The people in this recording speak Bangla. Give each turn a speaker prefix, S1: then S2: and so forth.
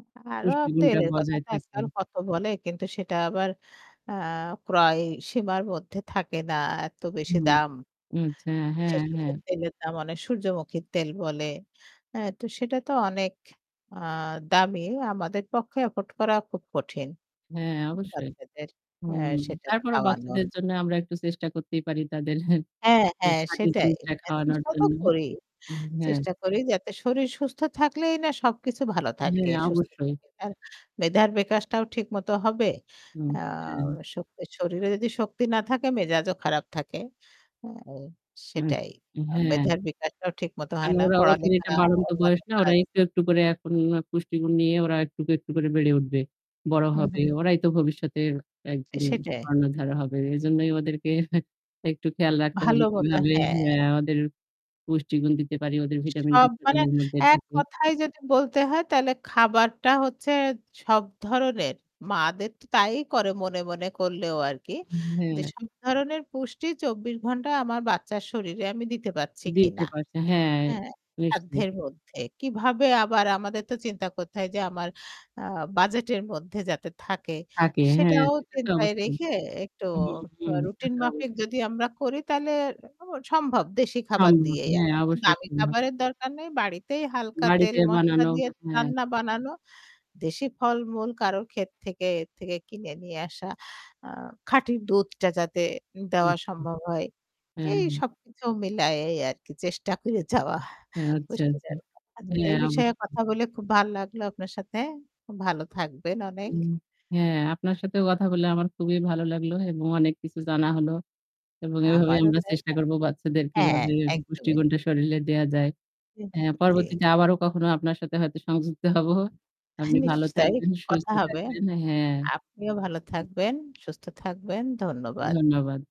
S1: আ আরও
S2: পুষ্টিগুণটা
S1: তেলের কথা
S2: বজায়
S1: তো
S2: থাকে।
S1: আজকাল কত বলে কিন্তু সেটা আবার আ ক্রয়সীমার মধ্যে থাকে না এত বেশি
S2: হুম
S1: দাম।
S2: আচ্ছা হ্যাঁ,
S1: কিসের,
S2: হ্যাঁ।
S1: কিসের তেলের দাম অনেক। সূর্যমুখীর তেল বলে। অ্যা তো সেটা তো অনেক আ দামি। আমাদের পক্ষে afford করা খুব কঠিন।
S2: হ্যাঁ অবশ্যই।
S1: বাচ্চাদের অ্যা
S2: হুম
S1: সেটা
S2: তারপরেও
S1: খাওয়ানো।
S2: বাচ্চাদের জন্য আমরা একটু চেষ্টা করতেই পারি তাদের
S1: হ্যাঁ,
S2: টি
S1: হ্যাঁ
S2: খাঁটি
S1: সেটাই।
S2: জিনিসটা
S1: হ্যাঁ
S2: খাওয়ানোর
S1: চেষ্টাও তো
S2: জন্য।
S1: করি।
S2: উম হ্যাঁ।
S1: চেষ্টা করি যাতে শরীর সুস্থ থাকলেই না সবকিছু ভালো থাকবে,
S2: হ্যাঁ
S1: সুস্থ
S2: অবশ্যই।
S1: থাকে। তার মেধার বিকাশটাও ঠিকমতো হবে
S2: হুম,
S1: আ
S2: হ্যাঁ।
S1: শোক শরীরে যদি শক্তি না থাকে মেজাজও খারাপ থাকে। আ
S2: আত
S1: সেটাই। আ
S2: হ্যাঁ।
S1: মেধার বিকাশটাও ঠিকমতো
S2: কারণ
S1: হয় না
S2: ওরা ওদের
S1: পড়ালেখা
S2: এটা বাড়ন্ত
S1: অন্যান্য
S2: বয়স না? ওরা
S1: কাজ
S2: একটু, একটু করে এখন আ পুষ্টিগুণ নিয়ে ওরা একটুক, একটু করে বেড়ে উঠবে, বড়
S1: হু,
S2: হবে।
S1: হু।
S2: ওরাই তো ভবিষ্যতের
S1: এ
S2: একদিন
S1: সেটাই।
S2: কর্ণধারা হবে। এজন্যই ওদেরকে একটু খেয়াল রাখতে
S1: ভাল
S2: হবে
S1: মতো
S2: কিভাবে
S1: হ্যাঁ।
S2: অ্যা ওদের পুষ্টিগুণ দিতে পারি। ওদের ভিটামিন ডি
S1: সব
S2: শরীরের
S1: মানে
S2: এর মধ্যে ঢুকে।
S1: এককথায় যদি বলতে হয় তাইলে খাবারটা হচ্ছে সব ধরনের মা'দের তো তাই করে মনে, মনে করলেও আর কি।
S2: হু,
S1: যে
S2: হ্যাঁ।
S1: সব ধরনের পুষ্টি ২৪ ঘন্টা আমার বাচ্চার শরীরে আমি দিতে পারছি
S2: দিতে
S1: কিনা,
S2: পারছে। হ্যাঁ
S1: হ্যাঁ?
S2: বুঝছি।
S1: সাধ্যের মধ্যে কীভাবে আবার আমাদের তো চিন্তা করতে হয় যে আমার আ বাজেটের মধ্যে যাতে থাকে
S2: থাকে হ্যাঁ
S1: সেটাও
S2: সেটা তো
S1: চিন্তায়
S2: অবশ্যই।
S1: রেখে একটু
S2: হুম,
S1: ট
S2: হুম তা
S1: রুটিন
S2: তো
S1: মাফিক
S2: অবশ্যই।
S1: যদি আমরা করি তাহলে সম্ভব, দেশী খাবার
S2: [unintelligible]
S1: দিয়েই।
S2: হ্যাঁ
S1: আমার এতো
S2: অবশ্যই
S1: দামি
S2: সম্ভব।
S1: খাবারের দরকার নেই, বাড়িতেই হালকা তেল
S2: বাড়িতে
S1: মশলা
S2: বানানো।
S1: দিয়ে
S2: আ হ্যাঁ।
S1: রান্না বানানো। দেশি ফল-মূল কারোর ক্ষেত থেকে, এর থেকে কিনে নিয়ে আসা। আ খাঁটি দুধটা যাতে
S2: আচ্ছা।
S1: দেওয়া সম্ভব হয়।
S2: হ্যাঁ,
S1: এই
S2: হ্যাঁ।
S1: সবকিছু মিলায়েই আর কি চেষ্টা করে যাওয়া
S2: আচ্ছা, আচ্ছা।
S1: পুষ্টীদায়ক খাবারের।
S2: হ্যাঁ
S1: এই বিষয়ে
S2: অবশ্যই।
S1: কথা বলে খুব ভাল লাগলো আপনার সাথে। খুব ভালো থাকবেন অনেক।
S2: উম হ্যাঁ আপনার সাথেও কথা বললে আমার খুবই ভালো লাগলো এবং অনেক কিছু জানা হলো। এবং এভাবে
S1: আমারও
S2: আমরা
S1: তাই
S2: চেষ্টা করব
S1: [unintelligible]
S2: বাচ্চাদের
S1: হ্যাঁ,
S2: কিভাবে
S1: একদমই।
S2: পুষ্টিগুণটা শরীলে দেয়া যায়।
S1: জি,
S2: হ্যাঁ
S1: জি।
S2: পরবর্তীতে আবারো কখনো আপনার সাথে হয়তো সংযুক্ত হব।
S1: হ্যাঁ,
S2: আপনি ভালো
S1: নিশ্চয়ই
S2: থাকবেন, সুস্থ
S1: কথা হবে।
S2: থাকবেন। হ্যাঁ।
S1: আপনিও ভালো থাকবেন সুস্থ থাকবেন। ধন্যবাদ।
S2: ধন্যবাদ।